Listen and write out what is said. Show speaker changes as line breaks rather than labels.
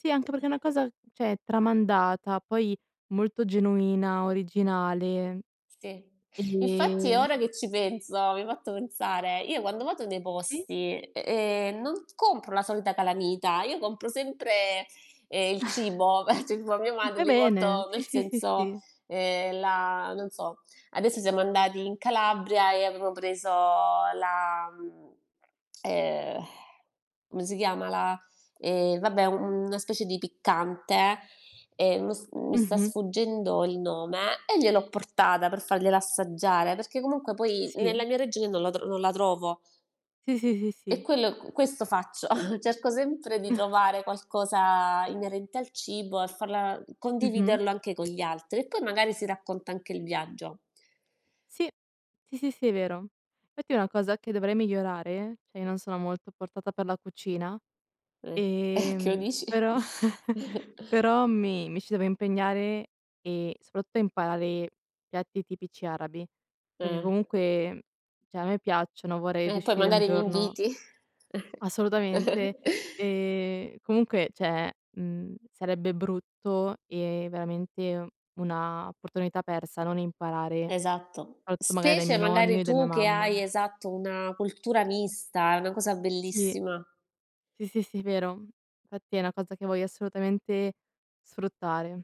Sì, anche perché è una cosa cioè tramandata, poi molto genuina, originale,
Sì infatti eh,
ehm
ora che ci penso mi hai fatto pensare io quando vado nei
Sì.
posti ehm, ehm, non compro la solita calamita, io compro sempre, ehm, il cibo, [unintelligible] a mia
E
madre
fai
li
bene
porto
sì,
nel
sì, sì,
senso,
sì.
ehm, la non so adesso siamo andati in Calabria e avevo preso la mhmm, ehm, come si chiama la e vabbè un una specie di piccante e mi s mi sta
Mh-mh.
sfuggendo il nome e gliel'ho portata per fargliela assaggiare, perché comunque poi nella
Sì.
mia regione non la tr non la trovo.
Sì, sì, sì
E
sì.
quello q questo faccio cerco sempre di trovare qualcosa inerente al cibo e farla
Mh-mh.
condividerlo anche con gli altri e poi magari si racconta anche il viaggio.
Sì, sì, sì, sì, è vero infatti una cosa che dovrei migliorare, cioè non sono molto portata per la cucina,
Eh a chi lo
ehm,
dici.
però però mi mi ci devo impegnare e soprattutto imparare piatti tipici arabi, perché
Eh.
comunque cioè a me piacciono, vorrei
Eh, poi
riuscire un
magari
giorno
m'inviti.
Assolutamente e comunque, cioè, mhmm, sarebbe brutto e veramente una opportunità persa non imparare
Esatto
[unintelligible] magari dai
specie
miei nonni
magari
o da mia
tu che hai
mamma.
esatto una cultura mista, è una cosa
Sì.
bellissima.
Sì, sì, sì, vero fatti è una cosa che voglio assolutamente sfruttare.